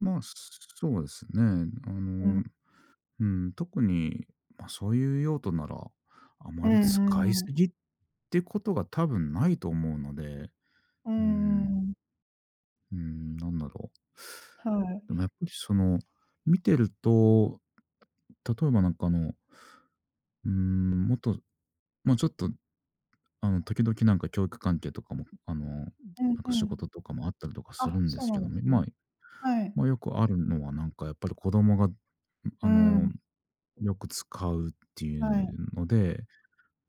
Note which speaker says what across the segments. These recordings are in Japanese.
Speaker 1: ま、そうですね。あ
Speaker 2: うん。
Speaker 1: の、うん、特に、ま、そういう用途なら、あ
Speaker 2: う
Speaker 1: ま
Speaker 2: んう
Speaker 1: り使い
Speaker 2: んう
Speaker 1: 過
Speaker 2: ん。
Speaker 1: ぎってことが多分ないと思うので。
Speaker 2: うー
Speaker 1: うーん。
Speaker 2: ん。
Speaker 1: うーん、なんだろう。
Speaker 2: はい。
Speaker 1: ま、やっぱり、その、見てると、例えば、なんか、あのうーん、もっと、ま、ちょっと、あの、時々、なんか教育関係とかも、あの、な
Speaker 2: うん
Speaker 1: んか
Speaker 2: う
Speaker 1: 仕
Speaker 2: ん。
Speaker 1: 事とかもあったりとかす
Speaker 2: あ、
Speaker 1: るんで
Speaker 2: そう
Speaker 1: す
Speaker 2: な
Speaker 1: け
Speaker 2: ん
Speaker 1: ど
Speaker 2: で
Speaker 1: ね。
Speaker 2: すね。
Speaker 1: ま
Speaker 2: はい。
Speaker 1: ま、よくあるのは、なんか、やっぱり子供が、ん、
Speaker 2: う
Speaker 1: あ
Speaker 2: ー
Speaker 1: の、
Speaker 2: ん。
Speaker 1: よく使うってい
Speaker 2: はい。
Speaker 1: うので、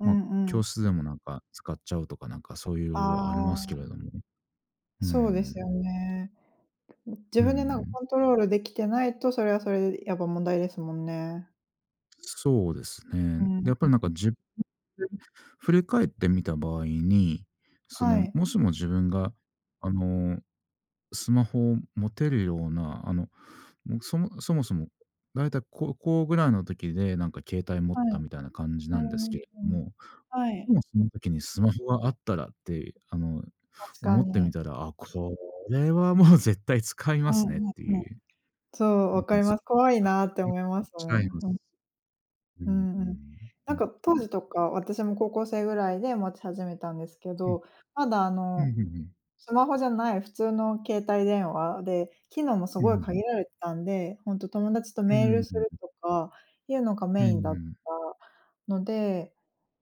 Speaker 2: う
Speaker 1: ま、
Speaker 2: んうん。
Speaker 1: 教室でも、なんか、使っちゃうとか、なんか、そうい
Speaker 2: あ
Speaker 1: うありますけ
Speaker 2: あ。
Speaker 1: れども。うー
Speaker 2: そうですよ
Speaker 1: ん。
Speaker 2: ね。うん、自
Speaker 1: うー
Speaker 2: 分で、なんか、
Speaker 1: ん。
Speaker 2: コントロールできてないと、それはそれでやっぱ問題ですもんね。
Speaker 1: そうですね。
Speaker 2: うー
Speaker 1: やっぱり、なん
Speaker 2: ん。
Speaker 1: か、自分で振り返ってみた場合に、そ
Speaker 2: は
Speaker 1: の、
Speaker 2: い。
Speaker 1: もしも自分が、あの、スマホを持てるような、あの、もう、そもそもそも大体高校ぐらいの時で、なんか、携帯持っ
Speaker 2: は
Speaker 1: た
Speaker 2: い。
Speaker 1: みたいな感じ
Speaker 2: う
Speaker 1: な
Speaker 2: ー
Speaker 1: んですけれど
Speaker 2: ん。
Speaker 1: も。
Speaker 2: は
Speaker 1: で
Speaker 2: い。
Speaker 1: もその時にスマホがあったらって、あの、
Speaker 2: 確か
Speaker 1: 思って
Speaker 2: に。
Speaker 1: みたら、あ、これはもう絶対使い
Speaker 2: う
Speaker 1: ますねっ
Speaker 2: んうん
Speaker 1: て
Speaker 2: うん。
Speaker 1: いう。
Speaker 2: そう、
Speaker 1: うん
Speaker 2: わか
Speaker 1: うん、
Speaker 2: ります。怖い
Speaker 1: あ、
Speaker 2: なって
Speaker 1: うん。
Speaker 2: 思いますもん。ふん。
Speaker 1: うー
Speaker 2: うんうん。
Speaker 1: ん、
Speaker 2: な
Speaker 1: ほ
Speaker 2: ん
Speaker 1: ん
Speaker 2: か、
Speaker 1: と
Speaker 2: 当
Speaker 1: に。
Speaker 2: 時とか、私も高校生ぐらいで持ち始めたんですけ
Speaker 1: うん。
Speaker 2: ど、まだ、あ
Speaker 1: うん
Speaker 2: の、
Speaker 1: うんうん。
Speaker 2: スマホじゃない普通の携帯電話で、機能もす
Speaker 1: うんう
Speaker 2: ご
Speaker 1: んう
Speaker 2: い限
Speaker 1: ん。
Speaker 2: られてたんで、ほんと友達と
Speaker 1: う
Speaker 2: メール
Speaker 1: ー
Speaker 2: する
Speaker 1: ん。
Speaker 2: とか、いうのが
Speaker 1: う
Speaker 2: メインだっ
Speaker 1: ん。
Speaker 2: たので、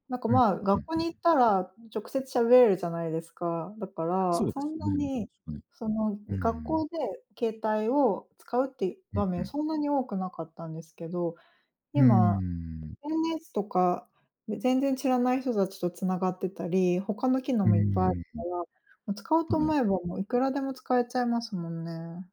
Speaker 2: なんか、
Speaker 1: うん、
Speaker 2: まあ、
Speaker 1: ふ
Speaker 2: 学
Speaker 1: ん
Speaker 2: 校
Speaker 1: ふんふ
Speaker 2: に
Speaker 1: ん。
Speaker 2: 行ったら直接喋れるじゃないですか。だか
Speaker 1: そ
Speaker 2: ら、
Speaker 1: うで
Speaker 2: そ
Speaker 1: す
Speaker 2: んな
Speaker 1: ね、
Speaker 2: に、
Speaker 1: うん。
Speaker 2: その、
Speaker 1: うー
Speaker 2: 学
Speaker 1: ん。
Speaker 2: 校で携帯を使うっていう
Speaker 1: うん、
Speaker 2: 場
Speaker 1: ふ
Speaker 2: 面
Speaker 1: ん。
Speaker 2: そんなに多くなかったんですけど、
Speaker 1: うー
Speaker 2: 今
Speaker 1: ん。
Speaker 2: SNS とか、全然知らない人たちと繋がってたり、他の機能
Speaker 1: う
Speaker 2: もいっぱいある
Speaker 1: ー
Speaker 2: か
Speaker 1: ん。
Speaker 2: ら、もう使おう
Speaker 1: は
Speaker 2: と思
Speaker 1: い。
Speaker 2: えばもういくらでも使えちゃいますもんね。